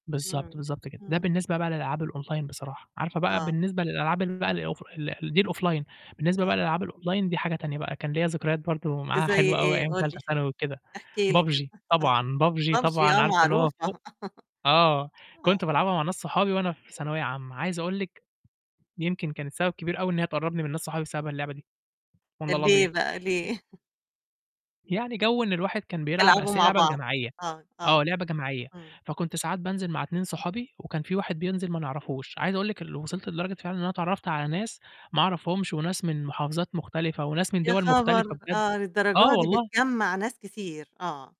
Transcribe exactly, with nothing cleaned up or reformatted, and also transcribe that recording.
بالضبط، إمم، بالضبط كده. ده إمم. بالنسبة بقى للألعاب الأونلاين بصراحة، عارفة بقى آه. بالنسبة للألعاب ال بقى الأوف ل دي الأوفلاين، بالنسبة بقى آه. للألعاب الأونلاين دي حاجة تانية بقى، كان ليّا ذكريات برضه معاها زي حلوة أوي إيه؟ أيام قُل تالتة لي، ثانوي وكده، احكِ لي كده. PUBG، [unintelligible] طبعًا، PUBG PUBG طبعًا آه، عارفة اللي هو فوق معروفة. آه، آه. كنت بالعبها مع ناس صحابي وأنا في ثانوية عامة، عايز أقول لِك يمكن كانت سبب كبير أوي إن هي تقرّبني من ناس صحابي بسبب اللعبة دي، والله كان ليه العظيم. بقى ي ليه؟ يعني جَو إن الواحد كان بيلعب تلعبوا أصل هي مع لعبة بعض، جماعية، آه، آه. آه، لعبة جماعية، إمم. فكنت ساعات بانزل مع اتنين صحابي وكان في واحد بينزل ما نعرفوش، عايز أقول لِك ال وصِلت لدرجة فعلًا إن أنا اتعرّفت على ناس ما أعرفهُمش وناس من محافظات مختلفة وناس من يا دوَل مختلفة خبر! بجد، آه، للدرجة آه دي والله. بتجمّع ناس كتير، آه.